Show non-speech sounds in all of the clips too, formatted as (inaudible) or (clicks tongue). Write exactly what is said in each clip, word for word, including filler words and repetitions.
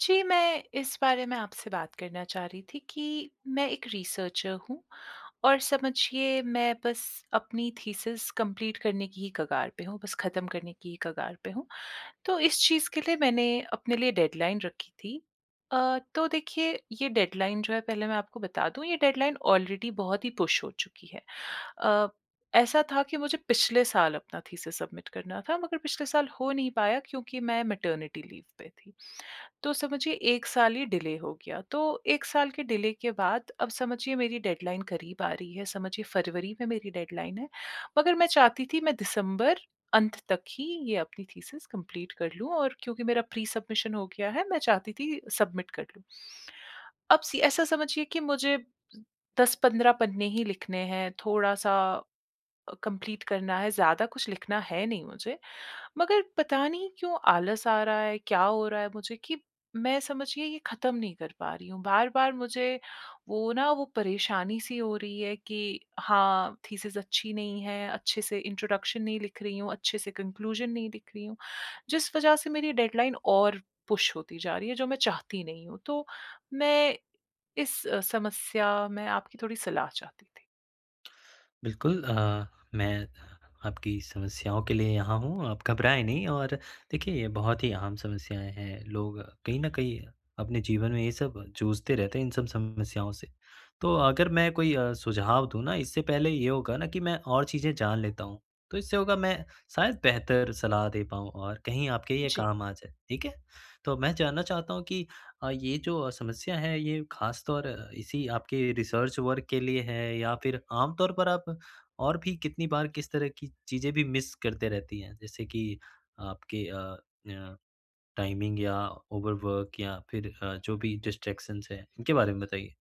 जी, मैं इस बारे में आपसे बात करना चाह रही थी कि मैं एक रिसर्चर हूँ और समझिए मैं बस अपनी थीसिस कंप्लीट करने की ही कगार पे हूँ बस ख़त्म करने की ही कगार पे हूँ। तो इस चीज़ के लिए मैंने अपने लिए डेडलाइन रखी थी। अ, तो देखिए ये डेडलाइन जो है पहले मैं आपको बता दूँ ये डेडलाइन ऑलरेडी बहुत ही पुश हो चुकी है। अ, ऐसा था कि मुझे पिछले साल अपना थीसिस सबमिट करना था मगर पिछले साल हो नहीं पाया क्योंकि मैं मैटरनिटी लीव पे थी तो समझिए एक साल ही डिले हो गया। तो एक साल के डिले के बाद अब समझिए मेरी डेडलाइन करीब आ रही है। समझिए फ़रवरी में मेरी डेडलाइन है मगर मैं चाहती थी मैं दिसंबर अंत तक ही ये अपनी थीसिस कंप्लीट कर लूँ और क्योंकि मेरा प्री-सबमिशन हो गया है मैं चाहती थी सबमिट कर लूँ। अब सि ऐसा समझिए कि मुझे दस पंद्रह पन्ने ही लिखने हैं थोड़ा-सा कंप्लीट करना है, ज़्यादा कुछ लिखना है नहीं मुझे। मगर पता नहीं क्यों आलस आ रहा है क्या हो रहा है मुझे कि मैं समझिए ये ख़त्म नहीं कर पा रही हूँ, बार-बार मुझे वो ना वो परेशानी-सी हो रही है कि हाँ, थीसिस अच्छी नहीं है, अच्छे से इंट्रोडक्शन नहीं लिख रही हूँ, अच्छे से कन्क्लूज़न नहीं दिख रही हूँ। जिस वजह से मेरी डेडलाइन और पुश होती जा रही है जो मैं चाहती नहीं हूँ। तो मैं इस समस्या में आपकी थोड़ी सलाह चाहती थी। बिल्कुल अ, मैं आपकी समस्याओं के लिए यहाँ हूँ आप घबराएँ नहीं और देखिए ये बहुत ही आम समस्याएँ हैं। लोग कहीं न कहीं अपने जीवन में ये सब जूझते रहते हैं इन सब समस्याओं से। तो अगर मैं कोई अ, सुझाव दूँ ना इससे पहले ये होगा न कि मैं और चीज़ें जान लेता हूँ तो इससे होगा मैं शायद बेहतर सलाह दे पाऊँ और कहीं आपके ये जी। काम आ जाए। ठीक है? तो अब मैं जानना चाहता हूँ कि अ, ये जो समस्या है, ये ख़ास तौर इसी आपके रिसर्च वर्क के लिए है या फिर आम तौर पर आप और भी कितनी बार किस तरह की चीज़ें भी मिस करते रहती हैं? जैसे कि आपके अ, य टाइमिंग या ओवरवर्क या फिर अ, जो भी डिस्ट्रैक्शंस है इनके बारे में बताइए?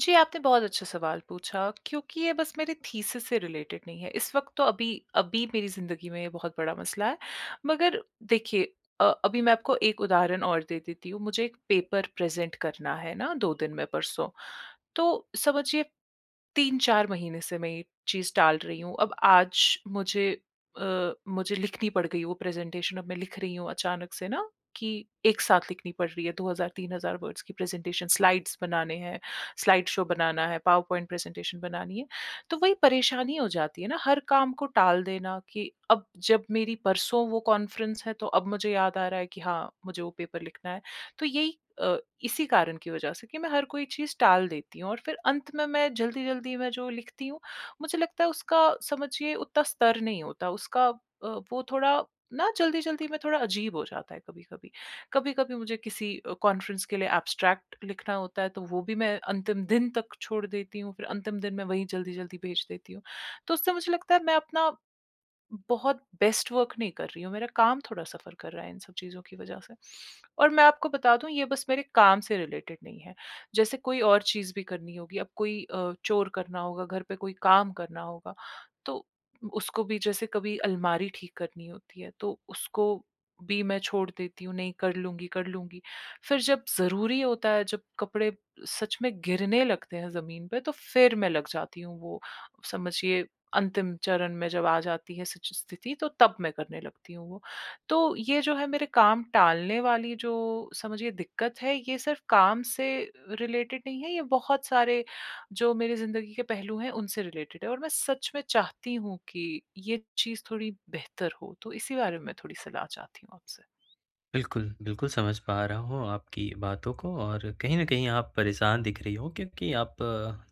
जी, आपने बहुत अच्छा सवाल पूछा, क्योंकि ये बस मेरे थीसिस से रिलेटेड नहीं है। इस वक्त तो अभी अभी मेरी ज़िंदगी में बहुत बड़ा मसला है। मगर देखिए अ अभी मैं आपको एक उदाहरण और दे देती हूँ। मुझे एक पेपर प्रेज़ेंट करना है ना दो दिन में परसों तो समझिए तीन चार महीने से मैं ये चीज़ टाल रही हूँ। अब आज मुझे अ, मुझे लिखनी पड़ गई वो प्रेज़ेंटेशन, अब मैं लिख रही हूँ अचानक से ना कि एक साथ लिखनी पड़ रही है दो हज़ार तीन हज़ार वर्ड्स की प्रेज़ेंटेशन, स्लाइड्स बनाने हैं, स्लाइड शो बनाना है, पावर पॉइंट प्रेज़ेंटेशन बनानी है। तो वही परेशानी हो जाती है ना हर काम को टाल देना कि अब जब मेरी परसों वो कॉन्फ्रेंस है तो अब मुझे याद आ रहा है कि हाँ मुझे वो पेपर लिखना है। तो यही अ, इसी कारण की वजह से कि मैं हर कोई चीज़ टाल देती हूँ और फिर अंत में मैं जल्दी-जल्दी मैं जो लिखती हूँ। मुझे लगता है उसका समझिए उतना स्तर नहीं होता उसका अ, वो थोड़ा ना जल्दी-जल्दी में थोड़ा अजीब हो जाता है कभी-कभी, कभी-कभी मुझे किसी अ, कॉन्फ्रेंस के लिए एब्स्ट्रैक्ट लिखना होता है तो वो भी मैं अंतिम दिन तक छोड़ देती हूँ फिर अंतिम दिन मैं वहीं जल्दी-जल्दी भेज देती हूँ तो उससे मुझे लगता है मैं अपना बहुत बेस्ट वर्क नहीं कर रही हूँ, मेरा काम थोड़ा सफ़र कर रहा है इन सब चीज़ों की वजह से और मैं आपको बता दूँ ये बस मेरे काम से रिलेटेड नहीं है। जैसे कोई और चीज़ भी करनी होगी अब कोई अ, चोर करना होगा घर पे कोई काम करना होगा तो उसको भी जैसे कभी अलमारी ठीक करनी होती है तो उसको भी मैं छोड़ देती हूँ नहीं कर लूँगी, कर लूँगी। फिर जब ज़रूरी होता है जब कपड़े सच में गिरने लगते हैं ज़मीन पे तो फिर मैं लग जाती हूँ। वो समझिए अंतिम चरण में जब आ जाती है सिच स्थिति तो तब मैं करने लगती हूँ वो तो ये जो है मेरे काम टालने वाली जो समझिए दिक्कत है ये सिर्फ काम से रिलेटेड नहीं है। ये बहुत सारे जो मेरी ज़िंदगी के पहलू हैं उनसे रिलेटेड है और मैं सच में चाहती हूँ कि ये चीज़ थोड़ी बेहतर हो तो इसी बारे में मैं थोड़ी सलाह चाहती हूँ आपसे? बिल्कुल। बिल्कुल समझ पा रहा हूँ आपकी बातों को और कहीं न कहीं आप परेशान दिख रही हो क्योंकि आप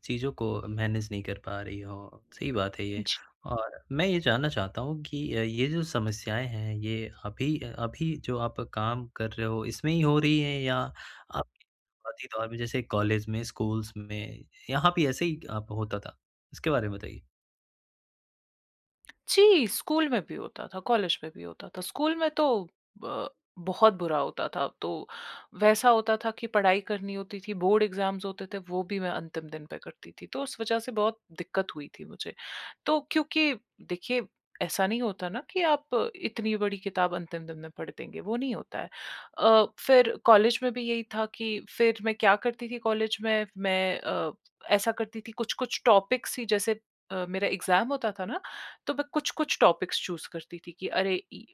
चीज़ों को मैनेज़ नहीं कर पा रही हो। सही बात हैं ये जी। और मैं ये जानना चाहता हूँ कि अ, ये जो समस्याएँ हैं, ये अभी-अभी जो आप काम कर रहे हो इसमें ही हो रही हैं या आप के शुरुआती दौर में जैसे कॉलेज में, स्कूल्स में यहाँ भी ऐसे ही अ, होता था? इसके बारे में बताइए। (clicks tongue) जी स्कूल में भी होता था, कॉलेज में भी होता था। स्कूल में तो ब बहुत बुरा होता था। तो वैसा होता था कि पढ़ाई करनी होती थी बोर्ड एग्ज़ाम्स होते थे वो भी मैं अंतिम दिन पे करती थी। तो उस वज़ह से बहुत दिक्कत हुई थी मुझे। तो क्योंकि देखिए ऐसा नहीं होता ना कि आप इतनी बड़ी किताब अंतिम दिन में पढ़ देंगे, वो नहीं होता हैं। अ, फिर कॉलेज में भी यही था कि फिर मैं क्या करती थी कॉलेज में मैं अ, ऐसा करती थी कुछ-कुछ टॉपिक्स ही जैसे अ, मेरा एग्ज़ाम्स होता था ना तो मैं कुछ-कुछ टॉपिक्स चूज़ करती थी कि अरे इ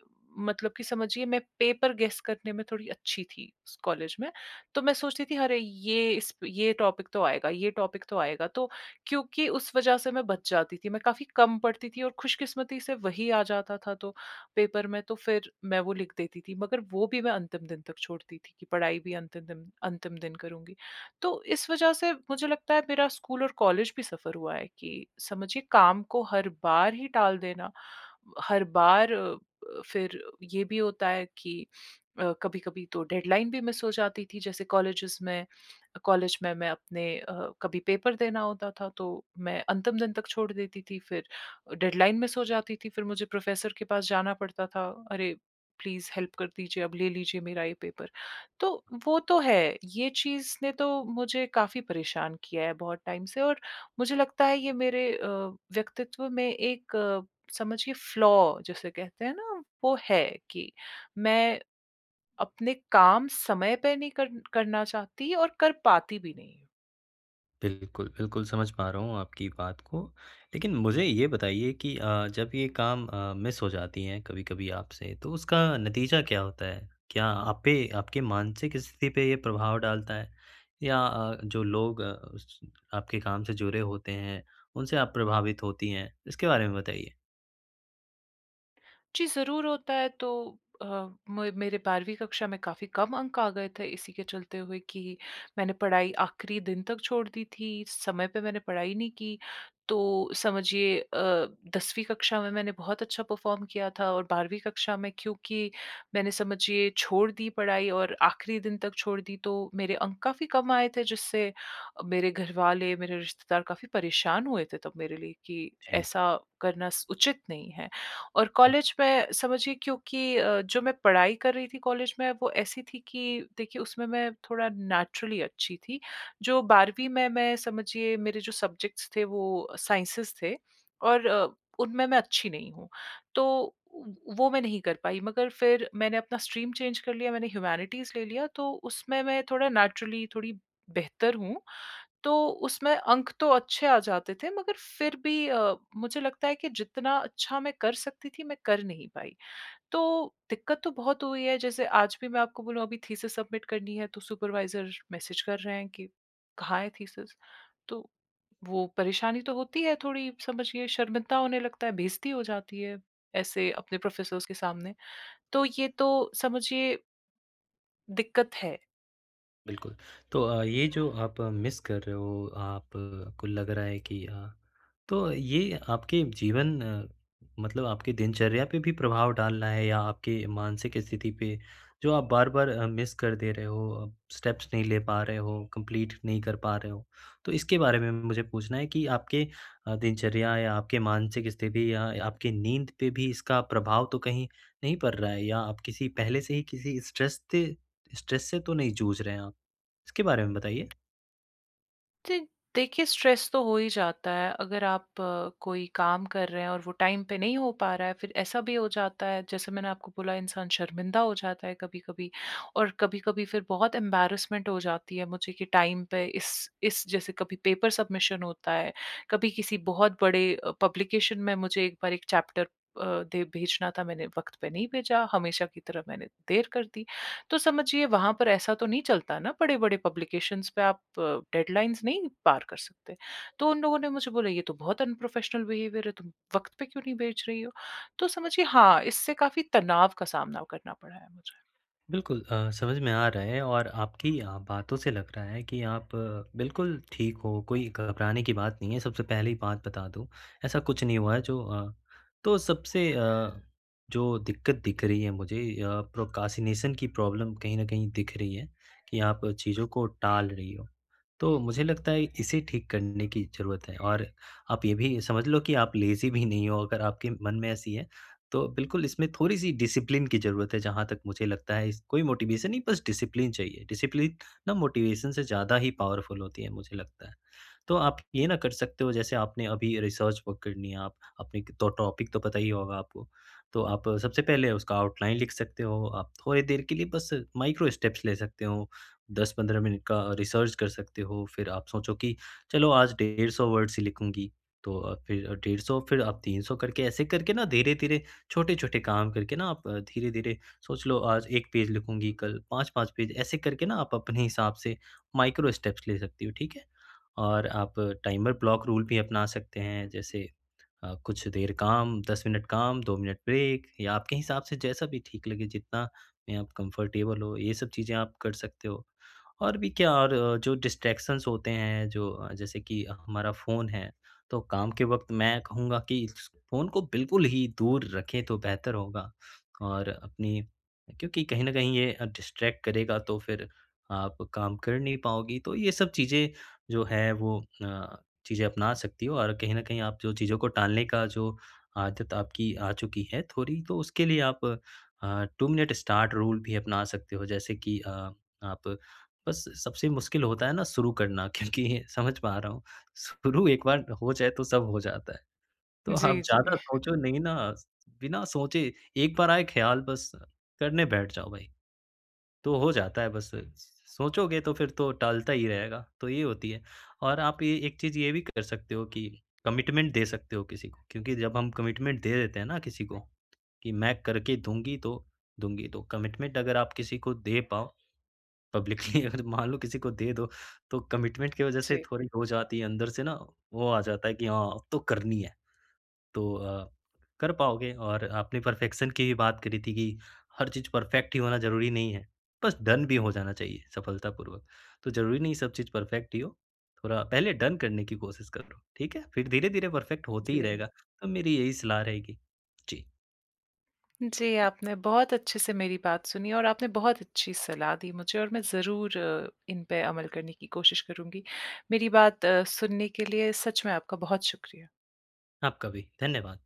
मतलब कि समझिए मैं पेपर गेस करने में थोड़ी अच्छी थी स कॉलेज में। तो मैं सोचती थी अरे ये इस ये टॉपिक तो आएगा ये, टॉपिक तो आएगा तो क्योंकि उस वज़ह से मैं बच जाती थी। मैं काफ़ी कम पढ़ती थी और खुशकिस्मती से वही आ जाता था तो पेपर में तो फिर मैं वो लिख देती थी। मगर वो भी मैं अंतिम दिन तक छोड़ती थी कि पढ़ाई भी अंतिम दिन अंतिम दिन करूँगी। तो इस वज़ह से मुझे लगता हैं मेरा स्कूल और कॉलेज भी सफ़र हुआ हैं कि समझिए काम को हर बार ही टाल देना। हर बार अ अ, फिर ये भी होता हैं कि अ, कभी-कभी तो डेडलाइन भी मिस हो जाती थी। जैसे कॉलेजेस में कॉलेज में मैं अपने अ, कभी पेपर देना होता था तो मैं अंतिम दिन तक छोड़ देती थी फिर डेडलाइन मिस जाती थी फिर मुझे प्रोफ़ेसर के पास जाना पड़ता था। अरे प्लीज हेल्प कर दीजिए अब ले लीजिए मेरा ये पेपर। तो वो तो हैं ये चीज़ ने तो मुझे काफ़ी परेशान किया हैं बहुत टाइम से और मुझे लगता हैं ये मेरे अ, व्यक्तित्व में एक समझिए फ्लॉ जिसे कहते हैं ना वो है कि मैं अपने काम समय पे नहीं कर करना चाहती और कर पाती भी नहीं। बिल्कुल, बिल्कुल, समझ पा रहा हूँ आपकी बात को लेकिन मुझे ये बताइए कि अ, जब ये काम अ, मिस हो जाती है कभी-कभी आपसे तो उसका नतीजा क्या होता है? क्या आप पे आपके मानसिक स्थिति पे ये प्रभाव डालता है या अ, जो लोग अ, उस आपके काम से जुड़े होते हैं, उनसे आप प्रभावित होती हैं? इसके बारे में बताइए। जी, ज़रूर होता है तो अ, मे मेरे बारहवीं कक्षा में काफ़ी कम अंक आ गए थे इसी के चलते हुए कि मैंने पढ़ाई आख़िरी दिन तक छोड़ दी थी, समय पे मैंने पढ़ाई नहीं की। तो समझिए अ, दसवीं कक्षा में मैंने बहुत अच्छा परफ़ॉर्म किया था और बारहवीं कक्षा में क्योंकि मैंने समझिए छोड़ दी पढ़ाई और आख़िरी दिन तक छोड़ दी तो मेरे अंक काफ़ी कम आए थे जिससे मेरे घरवाले, मेरे रिश्तेदार काफ़ी परेशान हुए थे तब मेरे लिए कि जी। ऐसा करना स उचित नहीं है और हुँ। कॉलेज में समझिए क्योंकि अ, जो मैं पढ़ाई कर रही थी कॉलेज में वो ऐसी थी कि देखिए उसमें मैं थोड़ा नेचुरली अच्छी थी। जो बारहवीं में मैं समझिए मेरे जो सब्ज़ेक्टस थे वो साइंसेस थे और अ, उनमें मैं अच्छी नहीं हूँ। तो उ वो मैं नहीं कर पाई मगर फिर मैंने अपना स्ट्रीम चेंज कर लिया मैंने ह्यूमैनिटीज़ ले लिया तो उसमें मैं थोड़ा नेचुरली थोड़ी बेहतर हूँ तो उसमें अंक तो अच्छे आ जाते थे मगर फिर भी अ, मुझे लगता है कि जितना अच्छा मैं कर सकती थी मैं कर नहीं पाई। तो दिक्कत तो बहुत हुई है जैसे आज भी मैं आपको बोलूँ अभी थीसिस सबमिट करनी है तो सुपरवाइज़र मैसेज़ कर रहे हैं कि कहाँ है थीसिस? तो वो परेशानी तो होती है थोड़ी समझिए शर्मिंदा होने लगता है, बेइज्ज़ती हो जाती है ऐसे अपने प्रोफ़ेसर्स के सामने। तो ये तो समझिए दिक्कत है। बिल्कुल। तो अ, ये जो आप मिस कर रहे हो आप को लग रहा है कि अ, तो ये आपके जीवन मतलब आपके दिनचर्या पे भी प्रभाव डाल रहा है या आपके मानसिक स्थिति पे जो आप बार-बार अ, मिस कर दे रहे हो, अ, स्टेप्स नहीं ले पा रहे हो, कंप्लीट नहीं कर पा रहे हो। तो इसके बारे में मुझे पूछना है कि आपके अ, दिनचर्या या आपके मानसिक स्थिति या आपकी नींद पे भी इसका प्रभाव तो कहीं नहीं पड़ रहा है? या आप किसी पहले से ही किसी स्ट्रेस थे स्ट्रेस से तो नहीं जूझ रहे हैं आप? इसके बारे में बताइए। जी, देखिए स्ट्रेस तो हो ही जाता है अगर आप कोई काम कर रहे हैं और वो टाइम पे नहीं हो पा रहा है फिर ऐसा भी हो जाता है जैसे मैंने आपको बोला इंसान शर्मिंदा हो जाता है, कभी-कभी और कभी-कभी फिर बहुत ऐम्बर्रेसमेंट हो जाती है मुझे कि टाइम पे इस, इस जैसे कभी पेपर सबमिशन होता है कभी किसी बहुत बड़े अ, पब्लिकेशन में मुझे एक बार एक चैप्टर अ, दे भेजना था मैंने वक्त पे नहीं भेजा, हमेशा की तरह मैंने देर कर दी। तो समझिए वहाँ पर ऐसा तो नहीं चलता ना बड़े-बड़े पब्लिकेशंस पे आप अ, डेडलाइन्स नहीं पार कर सकते। तो उन लोगों ने मुझे बोला ये तो बहुत अनप्रोफेशनल बिहेवियर है तुम वक्त पे क्यों नहीं भेज रही हो? तो समझिए हाँ, इससे काफ़ी तनाव का सामना करना पड़ा है मुझे। बिल्कुल अ, समझ में आ रहा है और आपकी बातों से लग रहा है कि आप बिल्कुल ठीक हो, कोई घबराने की बात नहीं है। सबसे पहली बात बता दूँ ऐसा कुछ नहीं हुआ है जो अ, तो सबसे अ, जो दिक्कत दिख रही है मुझे अ, प्रोक्रेस्टिनेशन की प्रॉब्लम कहीं न कहीं दिख रही है कि आप चीज़ों को टाल रही हो। तो मुझे लगता है इसे ठीक करने की ज़रूरत है और आप ये भी समझ लो कि आप लेज़ी भी नहीं हो, अगर आपके मन में ऐसी है, तो बिल्कुल इसमें थोड़ी-सी डिसिप्लिन की ज़रूरत है जहाँ तक मुझे लगता है इस कोई मोटिवेशन नहीं, बस डिसिप्लिन चाहिए। डिसिप्लिन ना मोटिवेशन से ज़्यादा ही पावरफुल होती है मुझे लगता है, तो आप ये ना कर सकते हो जैसे आपने अभी रिसर्च वर्क करनी है आप अपने क टॉपिक तो पता ही होगा आपको। तो आप सबसे पहले उसका आउटलाइन लिख सकते हो, आप थोड़ी देर के लिए बस माइक्रो स्टेप्स ले सकते हो, दस पंद्रह मिनट का रिसर्च कर सकते हो, फिर आप सोचो कि चलो आज डेढ़ सौ वर्ड्स ही लिखूँगी। तो अ, फिर डेढ़ सौ फिर आप तीन सौ करके ऐसे करके ना धीरे-धीरे छोटे-छोटे काम करके ना आप धीरे-धीरे सोच लो आज एक पेज लिखूँगी कल पाँच पाँच पेज ऐसे करके ना आप अपने हिसाब से माइक्रो स्टेप्स ले सकती हो, ठीक है? और आप टाइमर ब्लॉक रूल भी अपना सकते हैं। जैसे अ, कुछ देर काम दस मिनट काम, दो मिनट ब्रेक या आपके हिसाब से जैसा भी ठीक लगे, जितना में आप कंफर्टेबल हो, ये सब चीज़ें आप कर सकते हो। और भी क्या और जो डिस्ट्रैक्शंस होते हैं जो जैसे कि हमारा फ़ोन है तो काम के वक्त मैं कहूँगा कि फ़ोन को बिल्कुल ही दूर रखें तो बेहतर होगा और अपनी क्योंकि कहीं न कहीं ये डिस्ट्रैक्ट करेगा तो फिर आप काम कर नहीं पाओगी। तो ये सब चीज़ें जो है वो अ, चीज़ें अपना सकती हो और कहीं न कहीं आप जो चीज़ों को टालने का जो आदत आपकी आ चुकी है, थोड़ी तो उसके लिए आप अ, टू मिनट स्टार्ट रूल भी अपना सकते हो। जैसे कि अ, आप बस सबसे मुश्किल होता है ना शुरू करना क्योंकि समझ पा रहा हूँ। शुरू एक बार हो जाए तो सब हो जाता है। तो आप जी, जी। ज़्यादा सोचो नहीं ना, बिना सोचे एक बार आए ख़याल बस करने बैठ जाओ भाई। तो हो जाता है बस स सोचोगे तो फिर तो टालता ही रहेगा, तो ये होती है। और आप ये एक चीज़ ये भी कर सकते हो कि कमिटमेंट दे सकते हो किसी को क्योंकि जब हम कमिटमेंट दे देते हैं ना किसी को, कि मैं करके दूँगी तो दूँगी तो। कमिटमेंट अगर आप किसी को दे पाओ पब्लिकली अगर मान लो किसी को दे दो तो कमिटमेंट की वजह से जी। थोड़ी हो जाती है अंदर से ना वो आ जाता है कि हाँ, अब तो करनी है। तो अ, कर पाओगे और आपने परफेक्शन की भी बात करी थी कि हर चीज़ परफेक्ट ही होना ज़रूरी नहीं है। बस डन भी हो जाना चाहिए सफलतापूर्वक, तो ज़रूरी नहीं सब चीज़ परफेक्ट ही हो, थोड़ा पहले डन करने की कोशिश करो। ठीक है? फिर धीरे-धीरे परफेक्ट होता ही जी। रहेगा तो मेरी यही सलाह रहेगी। जी। जी, आपने बहुत अच्छे से मेरी बात सुनी और आपने बहुत अच्छी सलाह दी मुझे और मैं ज़रूर अ, इनपे अमल करने की कोशिश करूँगी। मेरी बात अ, सुनने के लिए सच में आपका बहुत शुक्रिया। आपका भी धन्यवाद।